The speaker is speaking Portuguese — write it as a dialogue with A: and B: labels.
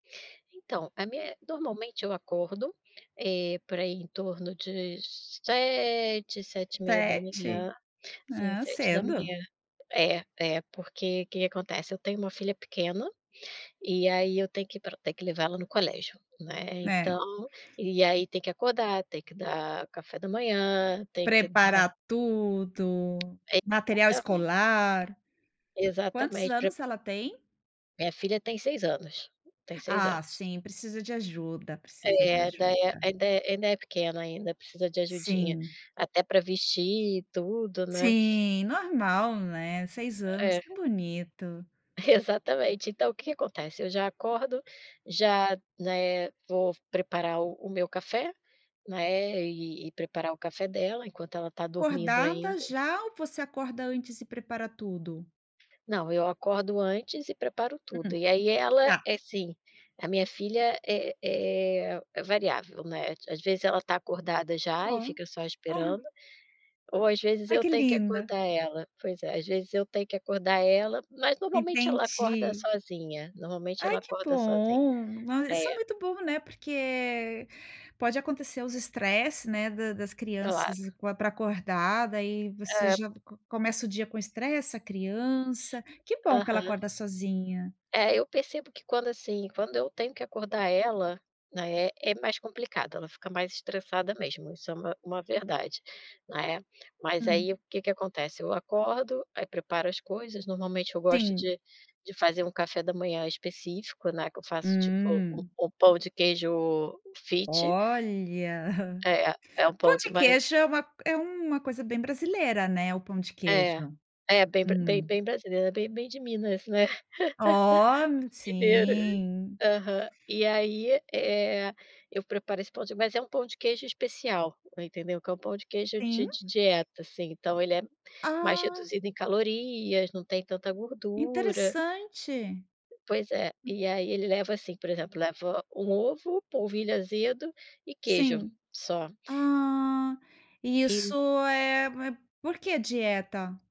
A: Então, a minha é Normalmente, eu acordo, eh, por aí, em torno de 7h, sete e meia da
B: 7h?
A: manhã. Sim,
B: Ah,
A: sete da
B: cedo.
A: manhã. Eh, eh, porque, que que acontece? Eu tenho uma filha pequena, e aí eu tenho que pra tenho que levar ela no colégio, né, então,
B: Né.
A: e aí tem que acordar, tem que dar café da manhã, tem que dar
B: Preparar tudo, material
A: Exatamente.
B: escolar. Quantos
A: Exatamente, pre
B: anos ela tem?
A: Minha filha tem 6 anos, tem 6 anos.
B: Ah, sim, precisa de ajuda, precisa de
A: Eh, daí,
B: ajuda.
A: ainda é ainda é ainda é pequena, ainda, precisa de ajudinha
B: Sim.
A: até pra vestir tudo, né?
B: Sim, normal, né, 6 anos,
A: É.
B: que bonito.
A: Exatamente, então o que que acontece? Eu já acordo, já, né, vou preparar o o meu café, né, e e preparar o café dela enquanto ela tá dormindo
B: Acordada
A: ainda.
B: já ou você acorda antes e prepara tudo?
A: Não, eu acordo antes e preparo tudo
B: Hum.
A: e, aí, ela
B: Tá.
A: é assim a minha filha é é é variável, né, é ti às vezes, ela tá acordada já e
B: Oh,
A: fica só esperando
B: olha.
A: ou, às vezes,
B: Ai
A: eu
B: que
A: tenho que
B: linda.
A: acordar ela. Pois é, às vezes eu tenho que acordar ela, mas normalmente ela acorda
B: Entendi.
A: sozinha, normalmente
B: Ai,
A: ela
B: que
A: acorda sozinha.
B: bom, ah, isso é
A: É.
B: muito bom, né, porque pode acontecer os estresses, né, da das
A: Claro.
B: crianças, pra acordar, daí, você
A: É.
B: já co começa o dia com estresse, a criança, que bom que ela
A: Aham.
B: acorda sozinha.
A: É, eu percebo que quando, assim, quando eu tenho que acordar ela, né, é mais complicado, ela fica mais estressada mesmo, isso é uma uma verdade, né? Mas
B: Hum.
A: aí, o que que acontece? Eu acordo, aí preparo as coisas normalmente, eu gosto
B: Sim.
A: de de fazer um café da manhã específico, né, que eu faço tipo o
B: Hum.
A: o pão de queijo fit.
B: Olha,
A: É, é um
B: pão
A: pão
B: de
A: de mai
B: queijo é uma é uma coisa bem brasileira, né, o pão de
A: É,
B: queijo.
A: é, bem bra bem
B: Hum.
A: bem brasileiro, é bem bem de Minas, né?
B: Oh m
A: Mineiro.
B: sim.
A: Aham. E aí, eh, eu preparo esse pão de mas é um pão de queijo especial, entendeu? Que é um pão de queijo de
B: Sim.
A: de dieta, assim, então ele é mais
B: Ah.
A: reduzido em calorias, não tem tanta gordura.
B: Interessante.
A: Pois é, e aí ele leva, assim, por exemplo, leva um ovo, polvilho azedo e queijo,
B: Sim.
A: só.
B: Ah, e isso
A: E
B: é é por que dieta?